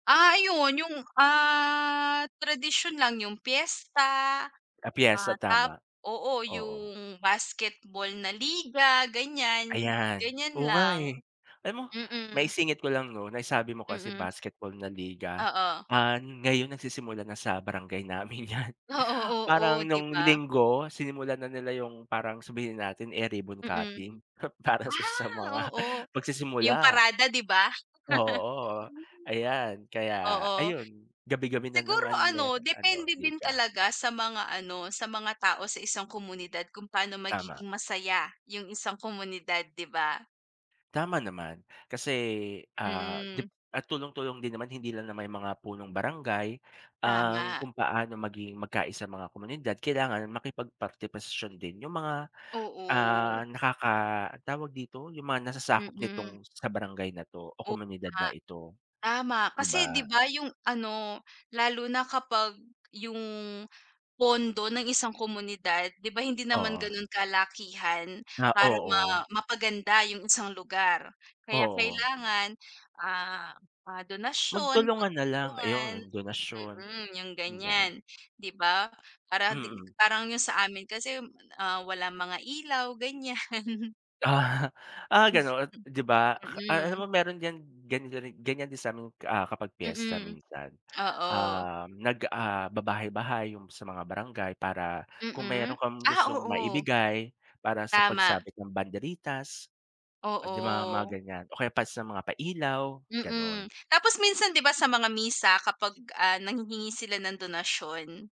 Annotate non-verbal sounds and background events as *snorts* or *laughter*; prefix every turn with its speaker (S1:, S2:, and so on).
S1: Ah, ayun 'yung, ah, tradisyon lang. 'Yung piyesta,
S2: Ah,
S1: ah,
S2: piyesta
S1: tap
S2: tama,
S1: oo,
S2: oo.
S1: 'yung basketball na liga, ganiyan.
S2: Ayan,
S1: Ganiyan
S2: oo nga,
S1: lang,
S2: eh. Alam mo,
S1: mm.
S2: maisingit ko lang 'no, naisabi mo kasi
S1: Mm.
S2: basketball na liga,
S1: Oo.
S2: ah, ngayon nagsisimula na sa barangay namin 'yan.
S1: Oo, oo
S2: Parang
S1: 'di
S2: nung
S1: ba.
S2: linggo, sinimulan na nila 'yung parang, sabihin na natin, eh, ribbon
S1: Mm.
S2: cutting, *snorts* para sa sa
S1: Ah,
S2: mga
S1: oo. 'Yung
S2: pagsisimula.
S1: parada 'di ba.
S2: Oo,
S1: *chuckles* Mm,
S2: ayan, kaya
S1: oo.
S2: ayun, gabi-gabi na
S1: Siguro
S2: naman
S1: ano,
S2: meron ano
S1: depende din
S2: liga.
S1: talaga sa mga ano, sa mga tao sa isang komunidad kung paano
S2: Tama.
S1: magiging masaya 'yung isang komunidad, 'di ba.
S2: Tama naman. Kasi ah, 'di
S1: Mm.
S2: at tulong-tulong din naman, hindi lang naman yung mga Punong Barangay, ang
S1: Tama.
S2: kung paano maging magkaisa sa mga komunidad, kailangan makipag-partisipasyon din 'yung mga,
S1: Oo.
S2: ah, nakaka ang tawag dito, 'yung mga nasasakop
S1: Mm.
S2: nitong sa barangay na 'to, o
S1: Oo
S2: komunidad
S1: nga.
S2: na ito,
S1: Tama,
S2: 'di
S1: kasi 'di
S2: ba.
S1: ba 'yung ano, lalo na kapag 'yung pondo ng isang komunidad, 'di ba hindi naman
S2: Oo.
S1: ganun kalakihan
S2: Na
S1: para ma
S2: oo.
S1: mapaganda 'yung isang lugar. Kaya
S2: Oo.
S1: kailangan, ah, mga donasyon,
S2: Magtulungan na lang,
S1: pagtutulungan,
S2: ayun donasyon.
S1: mm, 'yung
S2: *unintelligible*
S1: ganiyan, 'di ba. Para ding
S2: Mm.
S1: parang 'yung sa amin kasi, ah, walang mga ilaw, ganiyan.
S2: Ah, ah, gano'n 'di ba. Ah, alam
S1: Mm.
S2: mo, meron diyan ganyan ganyan din sa amin, ah, kapag piyesta
S1: Mm.
S2: minsan.
S1: Oo.
S2: Um, nag, ah, babahay-bahay 'yung sa mga barangay para kung meron
S1: Mm.
S2: kang
S1: Ah,
S2: gustong
S1: oo.
S2: maibigay para sa
S1: Tama.
S2: pagsabit ng banderitas. Oh 'di ba mga
S1: Oo.
S2: ganiyan, o kaya para sa mga pa-ilaw,
S1: Mm.
S2: gano'n.
S1: Tapos minsan 'di ba sa mga misa kapag, ah, nanghihingi sila ng donasyon.